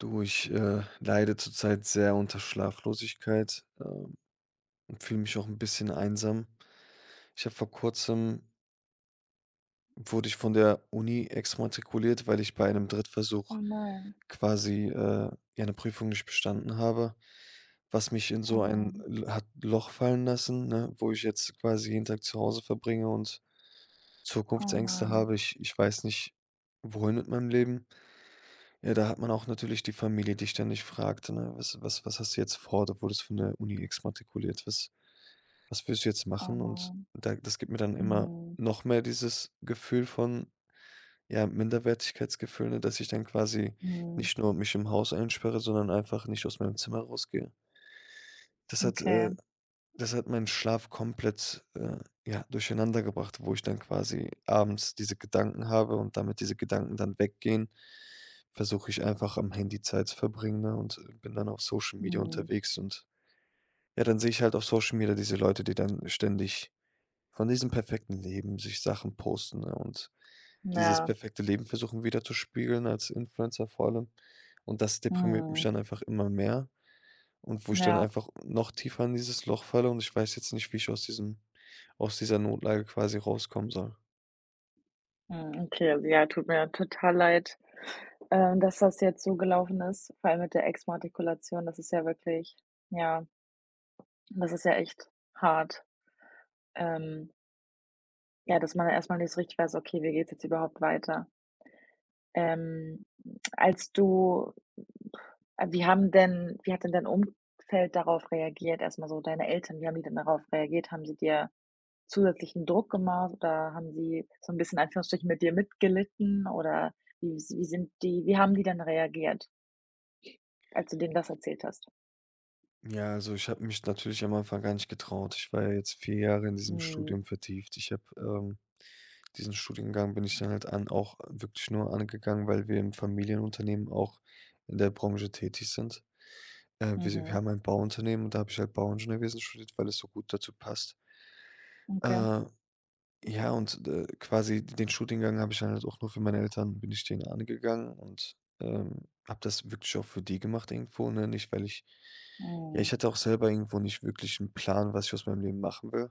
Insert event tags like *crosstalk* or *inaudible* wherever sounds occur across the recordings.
Du, ich, äh, leide zurzeit sehr unter Schlaflosigkeit, ähm, und fühle mich auch 'n bisschen einsam. Ich habe vor Kurzem wurde ich von der Uni exmatrikuliert, weil ich bei einem Oh, Drittversuch nein. quasi, äh, ja, 'ne Prüfung nicht bestanden habe, was mich in Oh so ein Mann. L hat Loch fallen lassen, ne, wo ich jetzt quasi jeden Tag zu Hause verbringe und Oh Zukunftsängste Mann. habe. Ich ich weiß nicht, wohin mit meinem Leben. Ja, da hat man auch natürlich die Familie, die ständig fragt, ne: „Was was was hast du jetzt vor? Du wurdest von der Uni exmatrikuliert. Was was willst du jetzt Oh, machen?“ Und nein. da das gibt mir dann immer Mhm. noch mehr dieses Gefühl von ja, Minderwertigkeitsgefühl, ne, dass ich dann quasi Mhm. nicht nur mich im Haus einsperre, sondern einfach nicht aus meinem Zimmer rausgehe. Das hat äh, Okay. das hat meinen Schlaf komplett, äh, ja, durcheinandergebracht, wo ich dann quasi abends diese Gedanken habe und damit diese Gedanken dann weggehen, versuche ich einfach am Handy Zeit zu verbringen, ne, und, äh, bin dann auf Social Media Mhm. unterwegs und, ja, dann sehe ich halt auf Social Media diese Leute, die dann ständig von diesem perfekten Leben sich Sachen posten, ne, und dieses Ja. perfekte Leben versuchen widerzuspiegeln als Influencer vor allem und das deprimiert mich Mhm. dann einfach immer mehr und wo ich dann Ja. einfach noch tiefer in dieses Loch falle und ich weiß jetzt nicht, wie ich aus diesem aus dieser Notlage quasi rauskommen soll. Mhm, okay, also, ja, tut mir total leid, ähm, dass das jetzt so gelaufen ist, vor allem mit der Exmatrikulation. Das ist ja wirklich, ja. Das ist ja echt hart. Ähm ja, dass man erst mal nicht so richtig weiß: „Okay, wie geht's jetzt überhaupt weiter?“ Ähm, als du *blows air* äh, wie haben denn wie hat denn dein Umfeld darauf reagiert erst mal so deine Eltern, wie haben die denn darauf reagiert? Haben sie dir zusätzlichen Druck gemacht oder haben sie so 'n bisschen in Anführungsstrichen mit dir mitgelitten? Oder wie wie sind die wie haben die denn reagiert als du denen das erzählt hast? Ja, also, ich habe mich natürlich am Anfang gar nicht getraut. Ich war ja jetzt 4 Jahre in diesem Mhm. Studium vertieft. Ich habe, ähm diesen Studiengang bin ich dann halt an auch wirklich nur angegangen, weil wir im Familienunternehmen auch in der Branche tätig sind. Äh, wir s wir Mhm. haben ein Bauunternehmen und da habe ich halt Bauingenieurwesen studiert, weil es so gut dazu passt. Okay. Äh, ja und, äh, quasi den Studiengang habe ich dann halt auch nur für meine Eltern bin ich den angegangen und, ähm, habe das wirklich auch für die gemacht irgendwo, ne? Nicht weil ich ja, ich Mhm. hatte auch selber irgendwo nicht wirklich 'n Plan, was ich aus meinem Leben machen will.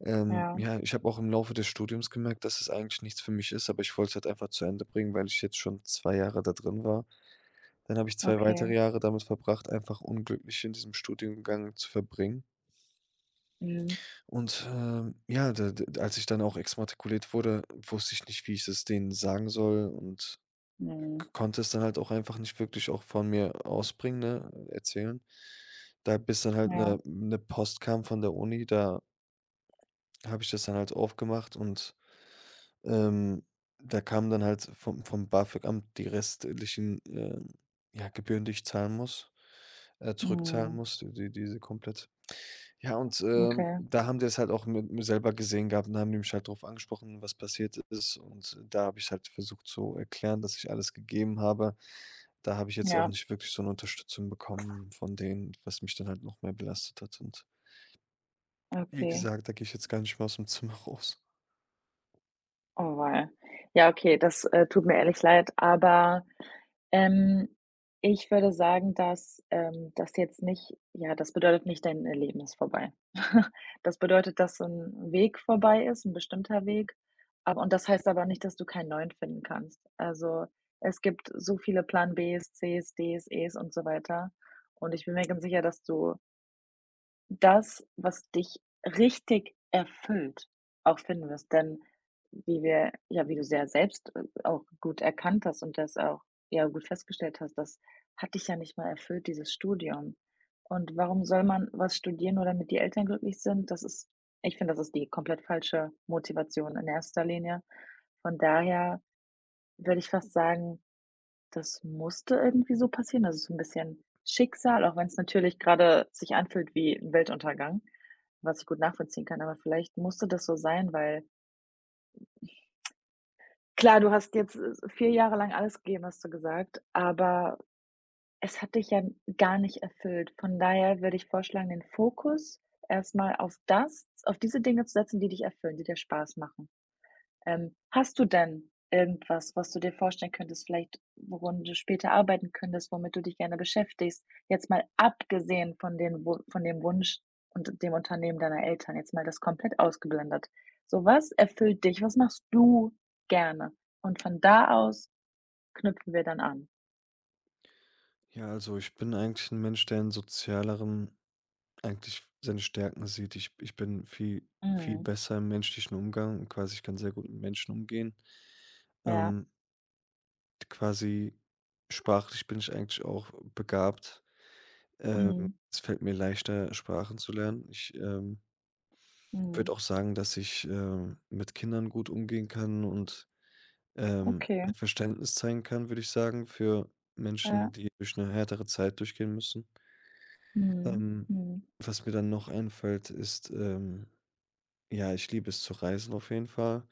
Ähm, Ja. ja, ich habe auch im Laufe des Studiums gemerkt, dass es eigentlich nichts für mich ist, aber ich wollte es halt einfach zu Ende bringen, weil ich jetzt schon 2 Jahre da drin war. Dann habe ich 2 Okay. weitere Jahre damit verbracht, einfach unglücklich in diesem Studiengang zu verbringen. Mhm. Und, ähm, ja, d d als ich dann auch exmatrikuliert wurde, wusste ich nicht, wie ich es denen sagen soll und Ne. k konnte es dann halt auch einfach nicht wirklich auch von mir aus bringen, ne, erzählen. Da bis dann halt Ja. 'ne 'ne Post kam von der Uni, da habe ich das dann halt aufgemacht und, ähm, da kamen dann halt vom vom BAföG-Amt die restlichen, äh, ja Gebühren, die ich zahlen muss, äh, zurückzahlen Mhm. muss, d d diese komplett. Ja und, ähm, Okay. da haben die das halt auch m mit mir selber gesehen gehabt und haben mich halt drauf angesprochen, was passiert ist und da habe ich's halt versucht zu erklären, dass ich alles gegeben habe. Da habe ich jetzt auch Ja. nicht wirklich so 'ne Unterstützung bekommen von denen, was mich dann halt noch mehr belastet hat. Und wie Okay. gesagt, da gehe ich jetzt gar nicht mehr aus'm Zimmer raus. Auweia. Ja, okay, das, äh, tut mir ehrlich leid, aber, ähm, ich würde sagen, dass, ähm, das jetzt nicht ja, das bedeutet nicht, dein Leben ist vorbei. *snorts* Das bedeutet, dass so 'n 'n Weg vorbei ist, 'n bestimmter Weg, ab und das heißt aber nicht, dass du keinen neuen finden kannst. Also, es gibt so viele Plan Bs, Cs, Ds, Es und so weiter und ich bin mir ganz sicher, dass du das, was dich richtig erfüllt, auch finden wirst. Denn wie wir ja, wie du's ja selbst, äh, auch gut erkannt hast und das auch, ja, gut festgestellt hast, das hat dich ja nicht mal erfüllt, dieses Studium. Und warum soll man was studieren, nur damit die Eltern glücklich sind? Das ist ich finde, das ist die komplett falsche Motivation in erster Linie. Von daher würde ich fast sagen, das musste irgendwie so passieren. Also, so'n bisschen Schicksal, auch wenn's natürlich grade sich anfühlt wie 'n Weltuntergang, was ich gut nachvollziehen kann. Aber vielleicht musste das so sein, weil, *tsk* klar, du hast jetzt, äh, äh, 4 Jahre lang alles gegeben, hast du gesagt, aber es hat dich ja gar nicht erfüllt. Von daher würde ich vorschlagen, den Fokus erst mal auf das auf diese Dinge zu setzen, die dich erfüllen, die dir Spaß machen. Ähm, hast du denn irgendwas, was du dir vorstellen könntest, vielleicht worin du später arbeiten könntest, womit du dich gerne beschäftigst? Jetzt mal abgesehen von den Wu von dem Wunsch und dem Unternehmen deiner Eltern, jetzt mal das komplett ausgeblendet. So, was erfüllt dich? Was machst du gerne? Und von da aus knüpfen wir dann an. Ja, also ich bin eigentlich 'n Mensch, der in Sozialerem eigentlich seine Stärken sieht. Ich ich bin vie viel Mhm. besser im menschlichen Umgang und quasi ich kann sehr gut mit Menschen umgehen. Ja. Ähm d quasi sprachlich bin ich eigentlich auch begabt. Ähm, Mhm. es fällt mir leichter, Sprachen zu lernen. Ich, ähm Mhm. würde auch sagen, dass ich, äh, mit Kindern gut umgehen kann und, ähm, Okay. Verständnis zeigen kann, würde ich sagen, für Menschen, Ja. die durch 'ne härtere Zeit durchgehen müssen. Mhm, Ähm, mhm. was mir dann noch einfällt, ist, ähm, ja, ich liebe es zu reisen auf jeden Fall.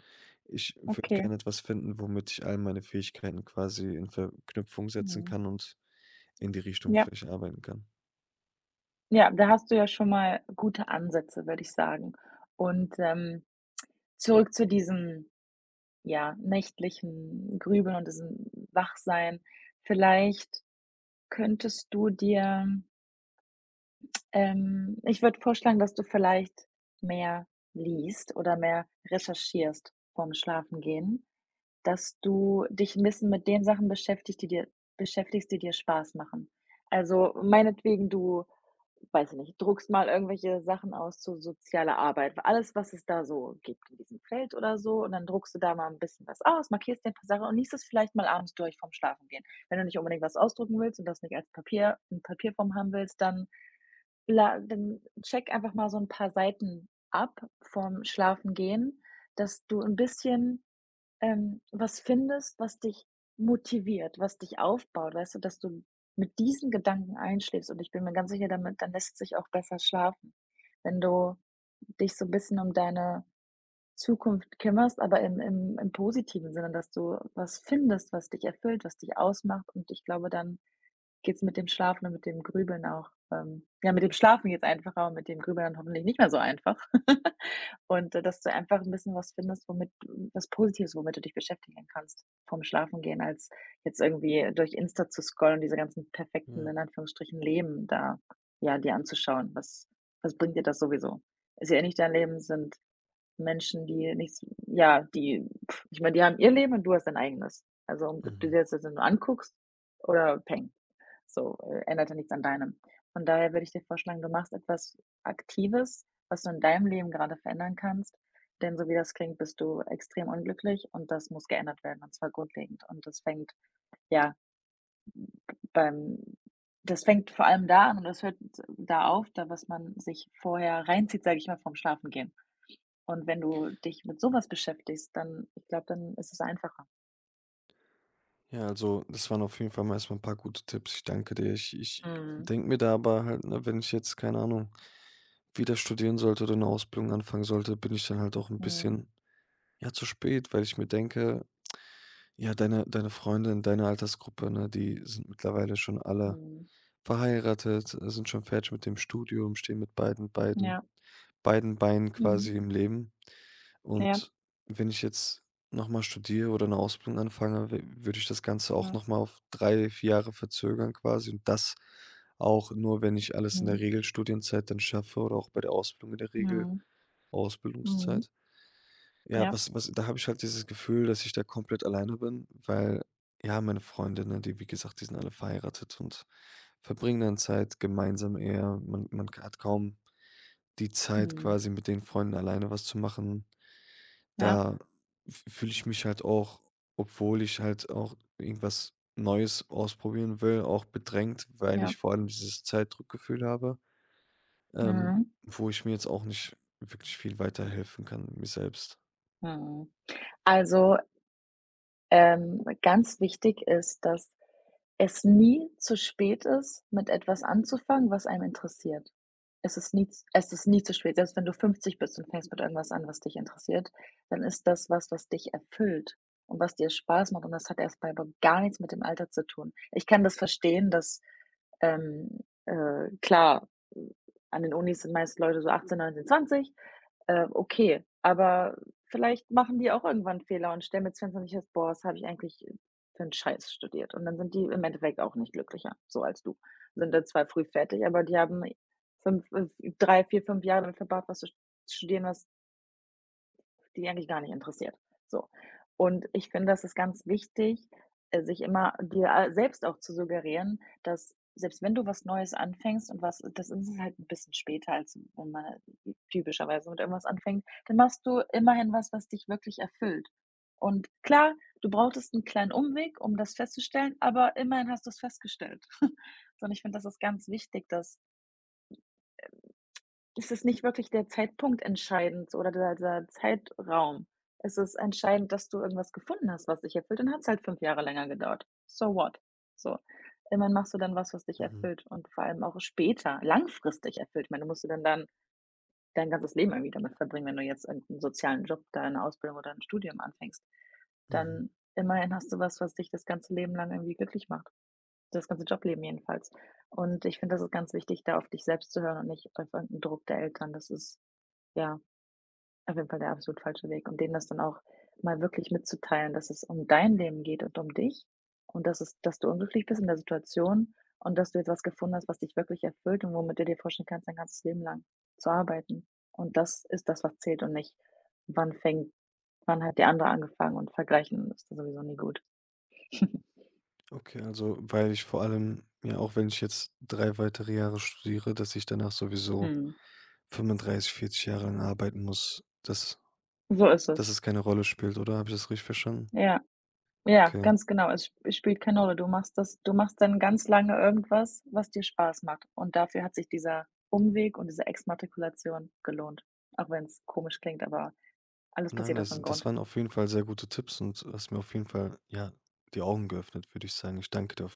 Ich würde Okay. gerne etwas finden, womit ich all meine Fähigkeiten quasi in Verknüpfung setzen Mhm. kann und in die Richtung Ja. vielleicht arbeiten kann. Ja, da hast du ja schon mal gute Ansätze, würde ich sagen. Und, ähm, zurück zu diesem, ja, nächtlichen Grübeln und diesem Wachsein. Vielleicht könntest du dir Ähm, ich würde vorschlagen, dass du vielleicht mehr liest oder mehr recherchierst vorm Schlafengehen, dass du dich 'n bisschen mit den Sachen beschäftig die dir, beschäftigst, die dir Spaß machen. Also meinetwegen du, weiß ich nicht, druckst mal irgendwelche Sachen aus zu sozialer Arbeit, alles, was es da so gibt in diesem Feld oder so, und dann druckst du da mal 'n bisschen was aus, markierst dir 'n paar Sachen und liest es vielleicht mal abends durch vorm Schlafengehen. Wenn du nicht unbedingt was ausdrucken willst und das nicht als Papier, in Papierform haben willst, dann la dann check einfach mal so 'n paar Seiten ab vorm Schlafengehen, dass du 'n bisschen, ähm, was findest, was dich motiviert, was dich aufbaut, weißt du, dass du mit diesen Gedanken einschläfst. Und ich bin mir ganz sicher damit, dann lässt's sich auch besser schlafen, wenn du dich so 'n bisschen um deine Zukunft kümmerst, aber im im im positiven Sinne, dass du was findest, was dich erfüllt, was dich ausmacht. Und ich glaube, dann geht's mit dem Schlafen und mit dem Grübeln auch ähm, ja, mit dem Schlafen geht's einfacher und mit dem Grübeln dann hoffentlich nicht mehr so einfach. *laughs* Und d dass du einfach 'n bisschen was findest, womit was Positives, womit du dich beschäftigen kannst vorm Schlafengehen, als jetzt irgendwie durch Insta zu scrollen und diese ganzen perfekten Ja. in Anführungsstrichen Leben da, ja, dir anzuschauen. Was, was bringt dir das sowieso? Ist ja eh nicht dein Leben, sind Menschen, die nichts ja, die *blows air* ich meine, die haben ihr Leben und du hast dein eigenes. Also, um ob du Mhm. dir das jetzt nur anguckst oder peng, so, ändert ja nichts an deinem. Von daher würde ich dir vorschlagen, du machst etwas Aktives, was du in deinem Leben gerade verändern kannst, denn so wie das klingt, bist du extrem unglücklich, und das muss geändert werden und zwar grundlegend, und das fängt, ja, b beim das fängt vor allem da an und es hört da auf, da was man sich vorher reinzieht, sage ich mal, vorm Schlafengehen. Und wenn du dich mit so was beschäftigst, dann ich glaube, dann ist es einfacher. Ja, also, das waren auf jeden Fall mal erst mal 'n paar gute Tipps. Ich danke dir. Ich ich Mhm. denke mir da aber halt, ne, wenn ich jetzt, keine Ahnung, wieder studieren sollte oder 'ne Ausbildung anfangen sollte, bin ich dann halt auch 'n Mhm. bisschen, ja, zu spät, weil ich mir denke: „Ja, deine deine Freunde in deiner Altersgruppe, ne, die sind mittlerweile schon alle Mhm. verheiratet, äh, sind schon fertig mit dem Studium, stehen mit beiden beiden Ja. beiden Beinen Mhm. quasi im Leben.“ Ja. Und wenn ich jetzt noch mal studiere oder 'ne Ausbildung anfange, w würde ich das Ganze auch Ja. noch mal auf 3, 4 Jahre verzögern quasi. Und das auch nur, wenn ich alles in der Mhm. Regelstudienzeit dann schaffe oder auch bei der Ausbildung in der Mhm. Mhm. Regelausbildungszeit. Ja, Ja. was was da habe ich halt dieses Gefühl, dass ich da komplett alleine bin, weil, ja, meine Freunde, ne, die wie gesagt, die sind alle verheiratet und verbringen dann Zeit gemeinsam eher. Man man ka hat kaum die Zeit, Mhm. quasi mit den Freunden alleine was zu machen. Ja. Da f fühle ich mich halt auch obwohl ich halt auch irgendwas Neues ausprobieren will, auch bedrängt, weil Ja. ich vor allem dieses Zeitdruck-Gefühl habe, ähm, Mhm. wo ich mir jetzt auch nicht wirklich viel weiterhelfen kann mir selbst. Mhm. Also, ähm, ganz wichtig ist, dass es nie zu spät ist, mit etwas anzufangen, was einen interessiert. Es ist nie z es ist nie zu spät. Selbst wenn du 50 bist und fängst mit irgendwas an, was dich interessiert, dann ist das was, was dich erfüllt und was dir Spaß macht und das hat erst mal aber gar nichts mit dem Alter zu tun. Ich kann das verstehen, dass, ähm, äh, klar, hm, an den Unis sind meist Leute so 18, 19, 20. Äh, okay, aber vielleicht machen die auch irgendwann Fehler und stellen mit 20 erst fest: „Boah, was habe ich eigentlich für 'n Scheiß studiert.“ Und dann sind die im Endeffekt auch nicht glücklicher so als du. Sind halt zwar früh fertig, aber die haben 5, äh, 3, 4, 5 Jahre damit verbracht, was zu st studieren, was die eigentlich gar nicht interessiert. So, und ich finde, das ist ganz wichtig, äh, sich immer dir selbst auch zu suggerieren, dass selbst wenn du was Neues anfängst und was, das ist halt 'n bisschen später, als wenn man typischerweise mit irgendwas anfängt, dann machst du immerhin was, was dich wirklich erfüllt. Und klar, du brauchtest 'n kleinen Umweg, um das festzustellen, aber immerhin hast du's festgestellt. *snorts* So und ich finde, das ist ganz wichtig, dass, hm, ähm es ist nicht wirklich der Zeitpunkt entscheidend oder der der Zeitraum. Es ist entscheidend, dass du irgendwas gefunden hast, was dich erfüllt und dann hat's halt 5 Jahre länger gedauert. So what? So. Immerhin machst du dann was, was dich Mhm. erfüllt und vor allem auch später langfristig erfüllt. Ich meine, du musst du dann dein dein ganzes Leben irgendwie damit verbringen, wenn du jetzt einen sozialen Job, deine Ausbildung oder 'n Studium anfängst. Mhm. Dann immerhin hast du was, was dich das ganze Leben lang irgendwie glücklich macht. Das ganze Job Leben jedenfalls. Und ich finde, das ist ganz wichtig, da auf dich selbst zu hören und nicht auf irgendeinen Druck der Eltern. Das ist, ja, auf jeden Fall der absolut falsche Weg und denen das dann auch mal wirklich mitzuteilen, dass es um dein Leben geht und um dich und dass es dass du unglücklich bist in der Situation und dass du jetzt was gefunden hast, was dich wirklich erfüllt und womit du dir vorstellen kannst, dein ganzes Leben lang zu arbeiten. Und das ist das, was zählt und nicht wann fängt wann hat die andere angefangen und vergleichen ist sowieso nie gut. *chuckles* Okay, also, weil ich vor allem, ja, auch wenn ich jetzt 3 weitere Jahre studiere, dass ich danach sowieso Mhm. 35, 40 Jahre lang arbeiten muss, dass So ist es. dass es keine Rolle spielt oder habe ich das richtig verstanden? Ja, ja, Okay. ganz genau. Es es spielt keine Rolle. Du machst das du machst dann ganz lange irgendwas, was dir Spaß macht und dafür hat sich dieser Umweg und diese Exmatrikulation gelohnt. Auch wenn's komisch klingt, aber alles Nein, passiert aus also, 'nem das Grund. waren auf jeden Fall sehr gute Tipps und du hast mir auf jeden Fall, ja, die Augen geöffnet, würde ich sagen. Ich danke daf